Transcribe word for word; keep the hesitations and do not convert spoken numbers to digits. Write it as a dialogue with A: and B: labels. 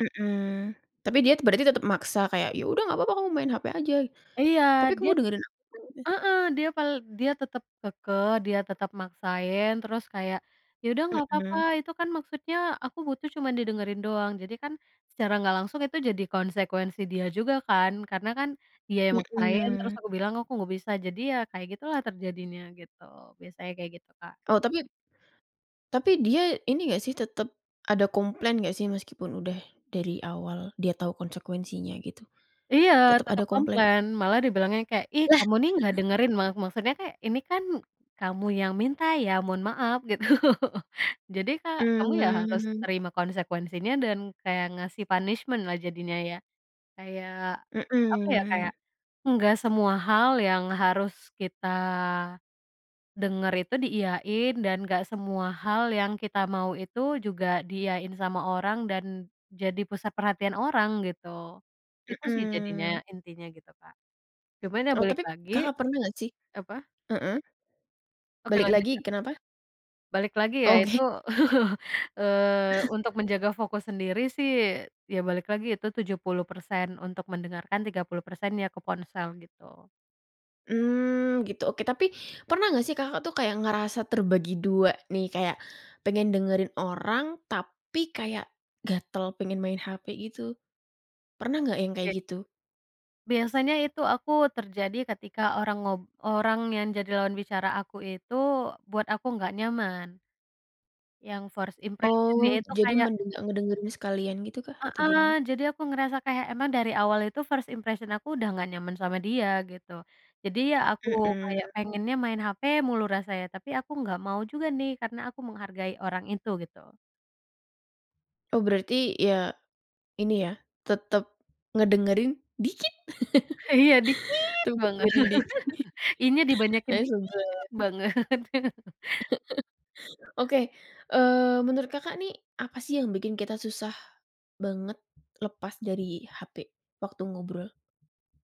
A: Mhm, tapi dia berarti tetap maksa, kayak, "Ya udah nggak papa, kamu main hape aja,
B: Iya,
A: tapi
B: dia
A: kamu dengerin aku," eh.
B: heeh, dia pal dia tetap kekeh, dia tetap maksain, terus kayak, "Ya, udah nggak papa,
A: Mhm.
B: itu kan maksudnya, aku butuh cuman didengerin doang." Jadi kan, secara nggak langsung itu jadi konsekuensi dia juga kan, karena kan, dia yang maksain, terus
A: Mhm.
B: aku bilang, aku nggak bisa, jadi ya, kayak gitulah, terjadinya, gitu. Biasanya kayak gitu, Kak.
A: Oh, tapi tapi dia, ini nggak, sih, tetap ada komplain nggak sih, meskipun udah dari awal dia tau konsekuensinya, gitu?
B: Iya,
A: Tetap
B: tetap
A: ada komplain?
B: komplain, malah dia bilangnya kayak, "Ih,
A: Lah.
B: kamu, nih, nggak dengerin." Ma maksudnya kayak, ini kan kamu yang minta ya, mohon maaf, gitu. Jadi, Kak kamu, ya, harus
A: Mmm.
B: terima konsekuensinya, dan kayak ngasih punishment-lah jadinya ya, kayak apa, ya, kayak
A: Mhm.
B: nggak semua hal yang harus kita denger itu diiyain, dan nggak semua hal yang kita mau itu juga diiyain sama orang dan jadi pusat perhatian orang, gitu. Itu, sih,
A: Mhm.
B: jadinya, intinya, gitu, Kak. Cuman, ya,
A: Oh,
B: balik
A: tapip
B: lagi,
A: Kakak pernah nggak sih
B: apa
A: heeh.
B: Oke,
A: Balik
B: lanjut,
A: lagi,
B: Kak.
A: kenapa?
B: Balik lagi, ya, itu,
A: Oke.
B: eee, untuk menjaga fokus sendiri sih, ya, balik lagi itu tujuh puluh persen untuk mendengarkan, tiga puluh persennya ke ponsel, gitu.
A: Mmm, gitu, oke tapi, pernah nggak sih Kakak, tuh, kayak ngerasa terbagi dua nih, kayak pengen dengerin orang, tapi kayak gatel pengen main hepe gitu? Pernah nggak yang kayak
B: Oke.
A: gitu?
B: Biasanya itu aku terjadi ketika orang ngob orang yang jadi lawan bicara aku itu buat aku nggak nyaman, yang first impression-nya
A: Oh,
B: itu
A: jadi
B: kayak
A: mending nggak ngedengerin sekalian gitukah? Atau gimana?
B: Heeh, jadi aku ngerasa kayak emang dari awal itu first impression aku udah nggak nyaman sama dia, gitu. Jadi, ya, aku kayak
A: Mhm.
B: pengennya main hape mulu rasanya, tapi aku nggak mau juga, nih, karena aku menghargai orang itu, gitu.
A: Oh, berarti ya, ini ya, tetep ngedengerin, dikit,
B: Iya, dikit
A: tetep
B: banget,
A: ngedengerin dikit.
B: i-nya dibanyakin,
A: Ya,
B: dikit
A: sebel ya.
B: banget.
A: Oke, eee, menurut Kakak nih, apa, sih, yang bikin kita susah banget lepas dari hape waktu ngobrol?